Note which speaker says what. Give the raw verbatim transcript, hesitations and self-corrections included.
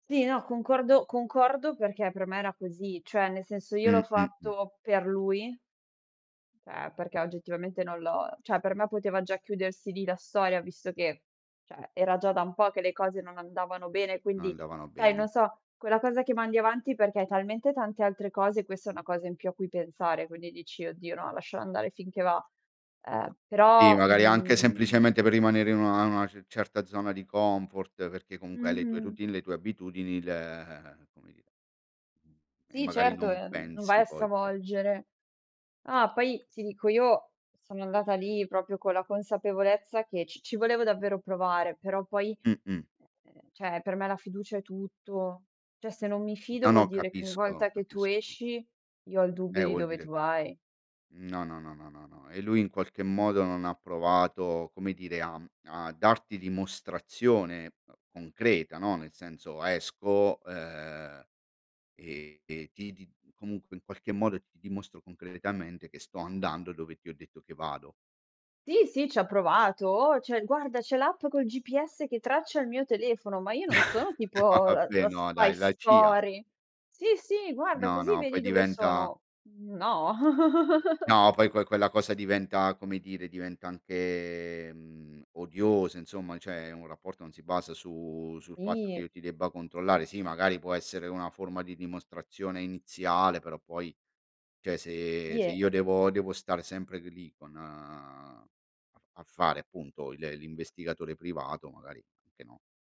Speaker 1: Sì, no concordo concordo perché per me era così, cioè nel senso io l'ho
Speaker 2: Mh-mh, mh.
Speaker 1: fatto per lui ceh, perché oggettivamente non l'ho cioè per me poteva già chiudersi lì la storia visto che, ceh, era già da un po' che le cose non andavano bene,
Speaker 2: Non
Speaker 1: quindi
Speaker 2: andavano
Speaker 1: sai,
Speaker 2: bene.
Speaker 1: non so, quella cosa che mandi avanti perché hai talmente tante altre cose questa è una cosa in più a cui pensare, quindi dici: "Oddio no, lascialo andare finché va". Eh,
Speaker 2: tì,
Speaker 1: però,
Speaker 2: magari anche
Speaker 1: mhmm
Speaker 2: semplicemente per rimanere in una a una ce certa zona di comfort perché comunque hai le tue
Speaker 1: Mh-mh.
Speaker 2: routine, le tue abitudini, il ehm, come dire e
Speaker 1: Sì
Speaker 2: magari
Speaker 1: certo,
Speaker 2: non
Speaker 1: ehm, non vai
Speaker 2: pensi
Speaker 1: a
Speaker 2: poi che
Speaker 1: stravolgere ah, poi ti dico io sono andata lì propio con la consapevolezza che ci ci volevo davvero provare, però poi,
Speaker 2: Mh-mh.
Speaker 1: ehm, ceh, per me la fiducia è tutto. Cioè se non mi
Speaker 2: No,
Speaker 1: fido vuol
Speaker 2: no,
Speaker 1: dire che ogni
Speaker 2: capisco,
Speaker 1: volta che tu
Speaker 2: capisco.
Speaker 1: esci io ho il dubbio
Speaker 2: Eh,
Speaker 1: di
Speaker 2: vuol
Speaker 1: dove
Speaker 2: dire
Speaker 1: tu vai.
Speaker 2: Mhmm, no, no, no, no, no, no e lui in qualche modo non ha provato, come dire, a mhmm, a darti dimostrazione concreta, no, nel senso, esco, uhm, e e ti di comunque in qualche modo ti ti dimostro concretamente che sto andando dove ti ho detto che vado.
Speaker 1: Sì, sì, ci ha provato: "Oh, c'è guarda, c'è l'app col GPS che traccia il mio telefono". Ma io non sono
Speaker 2: No
Speaker 1: tipo la
Speaker 2: vabbè,
Speaker 1: la
Speaker 2: no
Speaker 1: spy
Speaker 2: dai, la CIA.
Speaker 1: story. "Sì, sì, guarda,
Speaker 2: No,
Speaker 1: così
Speaker 2: no, poi
Speaker 1: vedi dove
Speaker 2: diventa
Speaker 1: sono". Mhmm, no.
Speaker 2: No, poi que quella cosa diventa, come dire, diventa anche, mhmm, odiosa insomma, ceh un rapporto non si basa su sul fatto che
Speaker 1: Sì.
Speaker 2: io ti debba controllare. Sì, magari può essere una forma di dimostrazione iniziale, però poi cioè se
Speaker 1: Sì,
Speaker 2: se
Speaker 1: e
Speaker 2: io devo devo stare sempre lì con a f a fare appunto le l'investigatore privato magari, anche no.